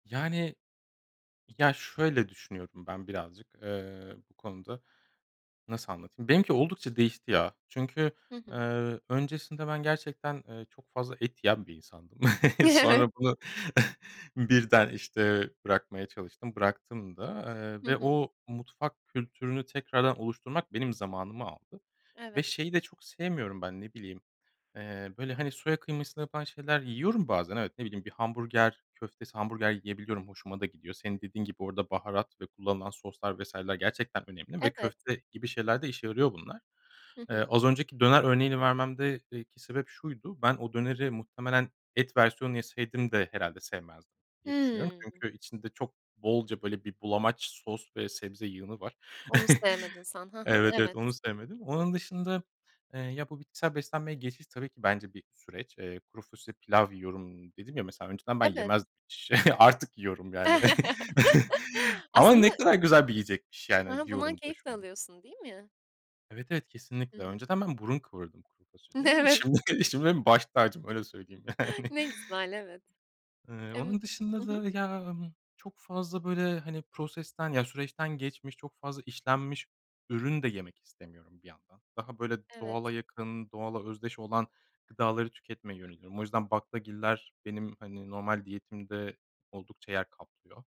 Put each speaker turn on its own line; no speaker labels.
Yani. Ya, şöyle düşünüyorum ben birazcık, eee, bu konuda. Nasıl anlatayım? Benimki oldukça değişti, ya. Çünkü,
Hı hı.
eee, öncesinde ben gerçekten, eee, çok fazla et yiyen bir insandım. Sonra bunu birden, işte, bırakmaya çalıştım, bıraktım da, eee,
Hı
ve
hı.
o mutfak kültürünü tekrardan oluşturmak benim zamanımı aldı ve
Evet.
şeyi de çok sevmiyorum ben, ne bileyim, eee, böyle, hani, soya kıymasıyla yapılan şeyler yiyorum bazen, evet, ne bileyim, bir hamburger köftesi, hamburger yiyebiliyorum. Hoşuma da gidiyor. Senin dediğin gibi, orada baharat ve kullanılan soslar vs.ler gerçekten önemli ve
Evet.
köfte gibi şeylerde işe yarıyor bunlar.
Hı hı.
Az önceki döner örneğini vermemde eee, ki sebep şuydu. Ben o döneri muhtemelen et versiyonunu yeseydim de herhâlde sevmezdim, diye düşünüyorum.
Hıı.
Çünkü içinde çok bolca, böyle, bir bulamaç sos ve sebze yığını var.
Onu sevmedin sen, ha ha,
Evet, evet, onu
evet.
sevmedim. Onun dışında, eee, ya, bu bitkisel beslenmeye geçiş tabii ki bence bir süreç. Eee, kuru fasulye pilav yiyorum. Dedim ya, mesela, önceden ben
Evet.
yemez Artık yiyorum, yani. Ama
Aslında
ne kadar güzel bir yiyecekmiş,
Hı
yani,
hı. Bundan
diyorum da
keyif de
şu an.
alıyorsun, değil mi?
Evet, evet.
Hı
Kesinlikle.
hı.
Önceden ben burun kıvırırdım kuru fasulyeye.
Evet.
Şimdi benim baş tacım öyle söyleyeyim, yani.
Ne güzel, evet.
Eee,
Emm.
onun
Hı
dışında
hı.
da, ya, ımm, çok fazla, böyle, hani, prosesten, ya, süreçten geçmiş, çok fazla işlenmiş ürün de yemek istemiyorum, bir yandan. Daha, böyle,
Evet.
doğala yakın, doğala özdeş olan gıdaları tüketmeye yöneliyorum. O yüzden baklagiller benim, hani, normal diyetimde oldukça yer kaplıyor.